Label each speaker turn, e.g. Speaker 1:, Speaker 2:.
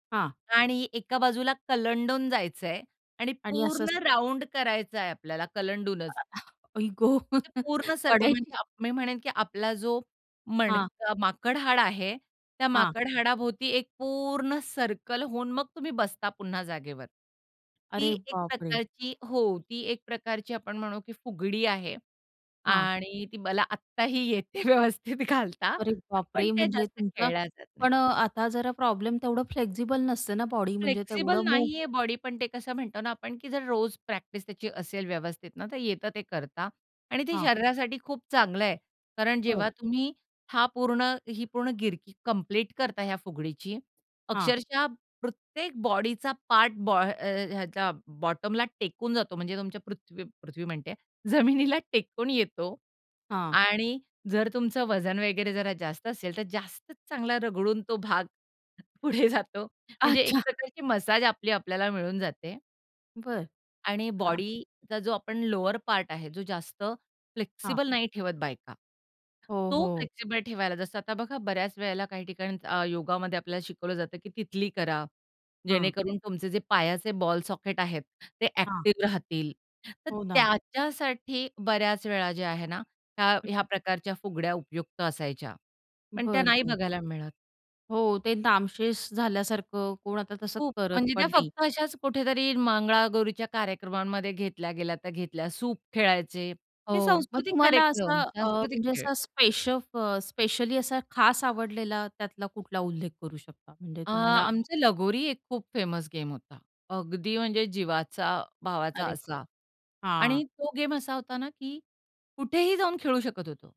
Speaker 1: हां.
Speaker 2: आणि एका बाजूला कलंडून जायचंय आणि
Speaker 1: आणि असंच
Speaker 2: पूर्ण राउंड करायचंय आपल्याला कलंडूनच.
Speaker 1: आई ग!
Speaker 2: ते पूर्ण सर्कल
Speaker 1: पडायची
Speaker 2: म्हणजे आप मी म्हणेन की आपला जो
Speaker 1: हां.
Speaker 2: मणका माकड हाड आहे, त्या
Speaker 1: हां.
Speaker 2: माकड हाडाभोवती एक पूर्ण सर्कल होऊन मग तुम्ही बसता पुन्हा जागेवर. ती
Speaker 1: अरे
Speaker 2: एक
Speaker 1: बापरे!
Speaker 2: प्रकारची हो ती एक प्रकारची आपण म्हणू की फुगडी आहे
Speaker 1: हां.
Speaker 2: आणि ती मला आत्ताही येते व्यवस्थित घालता,
Speaker 1: अरे
Speaker 2: पण
Speaker 1: बापरे!
Speaker 2: ते
Speaker 1: म्हणजे
Speaker 2: जास्त
Speaker 1: तुमचा
Speaker 2: खेळल्या जात नाहीत.
Speaker 1: पण अ, आता जरा प्रॉब्लेम तेवढं फ्लेक्सिबल नसते ना बॉडी म्हणजे
Speaker 2: फ्लेक्सिबल
Speaker 1: तेवढं मूव
Speaker 2: नाहीये बॉडी, पण ते कसं म्हणतो ना आपण की जर रोज प्रॅक्टिस त्याची असेल व्यवस्थित ना, तर येतं ते करता आणि ते
Speaker 1: हां.
Speaker 2: शरीरासाठी खूप चांगलंय. कारण
Speaker 1: बरं.
Speaker 2: जेव्हा तुम्ही हा पूर्ण ही पूर्ण गिरकी कंप्लीट करता ह्या फुगडीची,
Speaker 1: हां.
Speaker 2: अक्षरशः प्रत्येक बॉडीचा पार्ट बा ह अ, ह्याच्या बॉटमला टेकून जातो म्हणजे तुमच्या पृथ्वी पृथ्वी म्हणते आहे, जमिनीला टेकून येतो.
Speaker 1: हां.
Speaker 2: आणि जर तुमचं वजन वगैरे जरा जास्त असेल, तर जास्तच चांगला रगडून तो भाग पुढे जातो. म्हणजे एक
Speaker 1: अच्छा.
Speaker 2: प्रकारची मसाज आपली आपल्याला मिळून जाते
Speaker 1: बरं.
Speaker 2: आणि
Speaker 1: हां.
Speaker 2: बॉडीचा जो आपण लोवर पार्ट आहे जो जास्त
Speaker 1: हां.
Speaker 2: फ्लेक्सिबल नाही ठेवत बायका,
Speaker 1: हो,
Speaker 2: तो
Speaker 1: हो.
Speaker 2: फ्लेक्सिबल ठेवायला जसं आता बघा बऱ्याच वेळेला काही ठिकाणी अ, योगामध्ये आपल्याला शिकवलं जातं, की तिथली करा.
Speaker 1: हां.
Speaker 2: जेणेकरून तुमचे जे पायाचे बॉल सॉकेट आहेत, ते
Speaker 1: हां.
Speaker 2: ॲक्टिव राहतील. तर
Speaker 1: हो ना.
Speaker 2: त्याच्यासाठी बऱ्याच वेळा जे आहे ना, त्या
Speaker 1: हं,
Speaker 2: ह्या
Speaker 1: हं.
Speaker 2: प्रकारच्या फुगड्या उपयुक्त असायच्या. पण त्या
Speaker 1: बरं,
Speaker 2: नाही
Speaker 1: बरं.
Speaker 2: बघायला मिळत.
Speaker 1: हो, ते नामशेष झाल्यासारखं, कोण आता तसं
Speaker 2: खूप!
Speaker 1: करत
Speaker 2: म्हणजे त्या
Speaker 1: पण नाही.
Speaker 2: फक्त अशाच कुठेतरी मंगळागौरीच्या कार्यक्रमांमध्ये घेतल्या गेल्या तर घेतल्या. सूप खेळायचे. हे
Speaker 1: हो, मग
Speaker 2: सांस्कृतिक
Speaker 1: तुम्हाला असं
Speaker 2: कार्यक्रम.
Speaker 1: अ,
Speaker 2: सांस्कृतिक
Speaker 1: म्हणजे
Speaker 2: खेळ.
Speaker 1: असा स्पेशल स्पेशली असा खास आवडलेला त्यातला कुठला उल्लेख करू शकता म्हणजे
Speaker 2: अ,
Speaker 1: तुम्हाला
Speaker 2: आमचं लगोरी एक खूप फेमस गेम होता. अगदी म्हणजे जीवाचा भावाचा
Speaker 1: अरे
Speaker 2: असा.
Speaker 1: वाह!
Speaker 2: आणि
Speaker 1: हां.
Speaker 2: तो गेम असा होता ना की कुठेही जाऊन खेळू शकत होतो.